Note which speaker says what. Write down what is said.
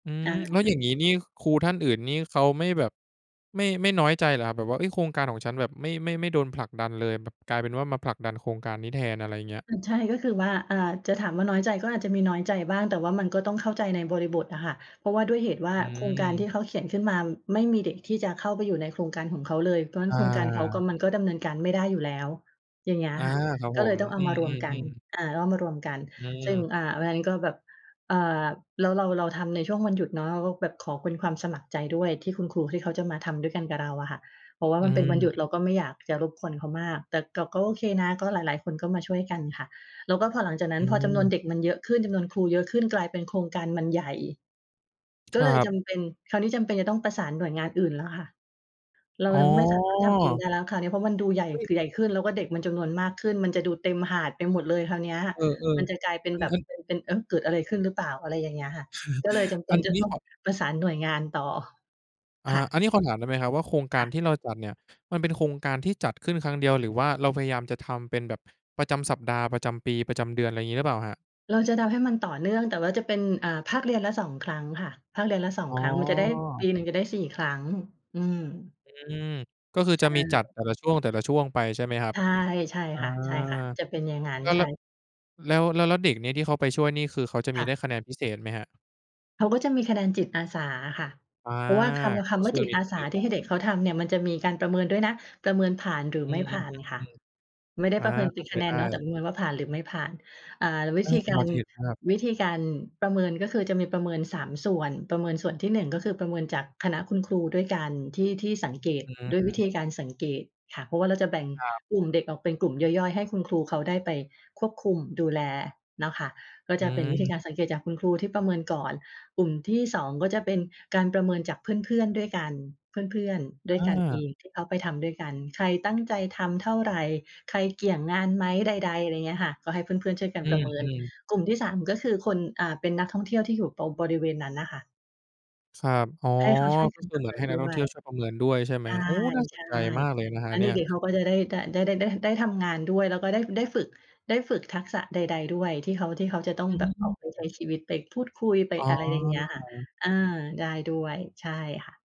Speaker 1: อื
Speaker 2: อ
Speaker 1: ม
Speaker 2: า
Speaker 1: แล้วอย่างงี้นี่ครูท่านอื่นนี่เขาไม่แบบ ไม่ ไม่น้อยใจเหรอครับ? แบบว่า เฮ้ย "โครงการของฉันแบบไม่ ไม่ ไม่โดนผลักดันเลย" แบบกลายเป็นว่ามาผลักดันโครงการนี้แทน อะไรอย่างเงี้ย
Speaker 2: อือ ใช่ ก็คือว่า อ่า จะถามว่าน้อยใจ ก็อาจจะมีน้อยใจบ้าง แต่ว่ามันก็ต้องเข้าใจในบริบทอะค่ะ เพราะว่าด้วยเหตุว่า
Speaker 1: อื
Speaker 2: โครงการ
Speaker 1: อ
Speaker 2: ที่เขาเขียนขึ้นมา ไม่มีเด็กที่จะเข้าไปอยู่ในโครงการของเขาเลย เพราะงั้
Speaker 1: อ
Speaker 2: นโครงการเขาก็
Speaker 1: า
Speaker 2: มันก็ดำเนินการไม่ได้อยู่แล้ว อย่างเงี้ยอ
Speaker 1: อา
Speaker 2: ะค่ะ
Speaker 1: ครับ
Speaker 2: ก
Speaker 1: ผ
Speaker 2: ็เลย
Speaker 1: ม
Speaker 2: ต้องเอา
Speaker 1: อื
Speaker 2: มารวม
Speaker 1: อ
Speaker 2: กัน
Speaker 1: ๆ ๆ
Speaker 2: อ่า ก็เอามารวมกัน
Speaker 1: อื
Speaker 2: ซึ่ง
Speaker 1: ม
Speaker 2: อ่า วันนั้นก็แบบ เอ่อ แล้วเรา เราทำในช่วงวันหยุดเนาะ เราก็แบบขอเป็นความสมัครใจด้วย ที่คุณครูที่เขาจะมาทำด้วยกันกับเราอะค่ะ เพราะว่า
Speaker 1: อื
Speaker 2: มันเป็นวันหยุ
Speaker 1: ม
Speaker 2: ดเราก็ไม่อยากจะรบกวนเขามาก แต่ ก ก็โอเคนะ ก็หลาย ๆ คนก็มาช่วยกันค่ะ แล้วก็พอหลังจากนั้
Speaker 1: อ
Speaker 2: นพอจำนวน
Speaker 1: ืม
Speaker 2: เด็กมันเยอะขึ้น จำนวนครูเยอะขึ้น กลายเป็นโครงการมันใหญ่ ก
Speaker 1: ค
Speaker 2: ็เ
Speaker 1: ร
Speaker 2: ล
Speaker 1: ั
Speaker 2: ยจ
Speaker 1: บ
Speaker 2: ำเป็น คราวนี้จำเป็นจะต้องประสานหน่วยงานอื่นแล้วค่ะ เรา
Speaker 1: อ๋
Speaker 2: จะไม่สามารถทำเองไ
Speaker 1: อ
Speaker 2: ด้แล้วค่ะ นี้เพราะมันดูใหญ่
Speaker 1: เฮ้ย
Speaker 2: ใหญ่ขึ้น แล้วก็เด็กมันจำนวนมากขึ้น มันจะดูเต็มหาดไปหมดเลยคราวเนี้ย
Speaker 1: เออ
Speaker 2: มันจะกลายเป็
Speaker 1: ๆ
Speaker 2: น
Speaker 1: อั
Speaker 2: แ
Speaker 1: น
Speaker 2: บบ
Speaker 1: อัน
Speaker 2: เป็น เป็น เอ๊ะ เกิดอะไรขึ้นหรือเปล่า อะไรอย่างเงี้ยค่ะ ก็เลยจำเป
Speaker 1: อั
Speaker 2: ็น
Speaker 1: น อ
Speaker 2: จ
Speaker 1: ั
Speaker 2: ะ
Speaker 1: นนี
Speaker 2: ต
Speaker 1: ้
Speaker 2: ้อง
Speaker 1: ขอ
Speaker 2: ประสานหน่วยงานต่อ
Speaker 1: อ่
Speaker 2: ค่
Speaker 1: า
Speaker 2: ะ
Speaker 1: อันนี้ขอถามได้ไหมครับว่าโครงก
Speaker 2: ค
Speaker 1: า
Speaker 2: ่
Speaker 1: ร
Speaker 2: ะ
Speaker 1: ที่เราจัดเนี่ย มันเป็นโครงการที่จัดขึ้นครั้งเดียว หรือว่าเราพยายามจะทำเป็นแบบประจำสัปดาห์ ประจำปี ประจำเดือน อะไรอย่างงี้หรือเปล่าครับ?
Speaker 2: เราจะทำให้มันต่อเนื่อง แต่จะเป็น อ่า ภาคเรียนละ 2 ครั้งค่ะ ภาคเรียนละ สอ
Speaker 1: อ
Speaker 2: ง
Speaker 1: ๋
Speaker 2: ครั้ง มันจะได้ ป
Speaker 1: อ
Speaker 2: ีหนึ่งจะได้ 4 ครั้ง อืม
Speaker 1: อืม ก็คือ
Speaker 2: ใช
Speaker 1: จะมีจัด
Speaker 2: ่
Speaker 1: แต่ละช่วง แต่ละช่วงไป ใช่ไหมครับ?
Speaker 2: ใช่ ใช่
Speaker 1: อา
Speaker 2: ค่ะ ใช่ค่ะ จะเป็นอย่างงั้น
Speaker 1: แล้ว
Speaker 2: ใช่
Speaker 1: แล้ว แล้ว แล้ว แล้วเด็กนี้ที่เขาไปช่วยนี่คือเขาจะม
Speaker 2: ค
Speaker 1: ี
Speaker 2: ่
Speaker 1: ได
Speaker 2: ะ
Speaker 1: ้คะแนนพิเศษไหมครับ?
Speaker 2: เขาก็จะมีคะแนนจิตอาสาอะค่ะ
Speaker 1: อา
Speaker 2: เพราะว่าคำ ค
Speaker 1: ก
Speaker 2: ำ
Speaker 1: ็
Speaker 2: ว่
Speaker 1: ค
Speaker 2: า
Speaker 1: ือ
Speaker 2: จิต
Speaker 1: มี
Speaker 2: อ
Speaker 1: ท
Speaker 2: า
Speaker 1: ุน
Speaker 2: ส
Speaker 1: เร
Speaker 2: า
Speaker 1: ียน
Speaker 2: ที
Speaker 1: เนา
Speaker 2: ่ใ
Speaker 1: ะ
Speaker 2: ห้เด็กเขาทำเนี่ยมันจะมีการประเมินด้วยนะ ประเมินผ่านหรื
Speaker 1: อ
Speaker 2: อ
Speaker 1: ื
Speaker 2: ไม่ผ
Speaker 1: อ
Speaker 2: ่านค่ะ
Speaker 1: ๆ ๆ
Speaker 2: ไม่ได
Speaker 1: ๆ
Speaker 2: ้
Speaker 1: อา
Speaker 2: ประเมินเ
Speaker 1: เข
Speaker 2: ป
Speaker 1: ้
Speaker 2: ็
Speaker 1: า
Speaker 2: น
Speaker 1: ใจ
Speaker 2: คะแน
Speaker 1: ได
Speaker 2: น
Speaker 1: ้
Speaker 2: เนาะ แต่ประเมินว่าผ่านหรือไม่ผ่าน อ่า ว
Speaker 1: เ
Speaker 2: ิ
Speaker 1: ออ
Speaker 2: ธีก
Speaker 1: พ
Speaker 2: า
Speaker 1: อ
Speaker 2: ร
Speaker 1: จะเห็นภาพ
Speaker 2: วิธีการประเมิน ก็คือจะมีประเมิน 3 ส่วน ประเมินส่วนที่ 1 ก็คือประเมินจากคณะคุณครูด้วยกัน ที่ ที่สังเกต
Speaker 1: อื
Speaker 2: ด้วยวิ
Speaker 1: ม
Speaker 2: ธีการสังเกตค่ะ เพราะว่าเราจะแบ่ง
Speaker 1: ครับ
Speaker 2: กลุ่มเด็กออกเป็นกลุ่มย่อย ๆ ให้คุณครูเขาได้ไปควบคุมดูแลเนาะ ค่ะ ก็
Speaker 1: อื
Speaker 2: จะเป็นวิธี
Speaker 1: ม
Speaker 2: การสังเกตุจากคุณครูที่ประเมินก่อน กลุ่มที่ 2 ก็จะเป็นการประเมินจากเพื่อน ๆ ด้วยกัน เพื่อน ๆ ด้วยกันเอ
Speaker 1: อา
Speaker 2: งที่เขาไปทำด้วยกัน ใครตั้งใจทำเท่าไร ใครเกี่ยงงานไหม ใด ๆ อะไรอย่างเงี้ยค่ะ ก็ให้เพื่อน ๆ ช่วยกัน
Speaker 1: อื
Speaker 2: ประเมิน
Speaker 1: ม ๆ
Speaker 2: กลุ่มที่ 3 ก็คือคน อ่า เป็นนักท่องเที่ยวที่ตรงอยู่บริเวณนั้นน่ะค่ะ
Speaker 1: ครับ อ๋อ
Speaker 2: ให้เขาช่วย
Speaker 1: ก
Speaker 2: ท
Speaker 1: ็คื
Speaker 2: ำป
Speaker 1: อ
Speaker 2: ร
Speaker 1: เ
Speaker 2: ะ
Speaker 1: หม
Speaker 2: เ
Speaker 1: ือ
Speaker 2: ม
Speaker 1: น
Speaker 2: ิ
Speaker 1: ให
Speaker 2: น
Speaker 1: ้นั
Speaker 2: ด
Speaker 1: กท
Speaker 2: ้
Speaker 1: ่อง
Speaker 2: ว
Speaker 1: เที่
Speaker 2: ย
Speaker 1: ยวช่วยประเมินด้วย ใช่ไหม?
Speaker 2: ใช่
Speaker 1: โอ้ น่าส
Speaker 2: ใช
Speaker 1: น
Speaker 2: ่
Speaker 1: ใจมากเลยนะคร
Speaker 2: แ
Speaker 1: ั
Speaker 2: ล
Speaker 1: บ
Speaker 2: ้ว
Speaker 1: เ
Speaker 2: เ
Speaker 1: น
Speaker 2: ด
Speaker 1: ี่ย
Speaker 2: ็ก ๆ เขาก็จะได้ ด ได้ ได้ ได้ ได้ทำงานด้วย แล้วก็ได้ ได้ฝึก ได้ฝึกทักษะใด ๆ ด้วยที่เขา ที่เขาจะต้อง
Speaker 1: อื
Speaker 2: แบบออกไปใช
Speaker 1: อ
Speaker 2: ้ชีวิต ไปพูดคุย ไป
Speaker 1: อ๋
Speaker 2: อะไรอย่างเงี้ยค่ะ
Speaker 1: อ
Speaker 2: อา ได้ด้วย ใช่ค่ะ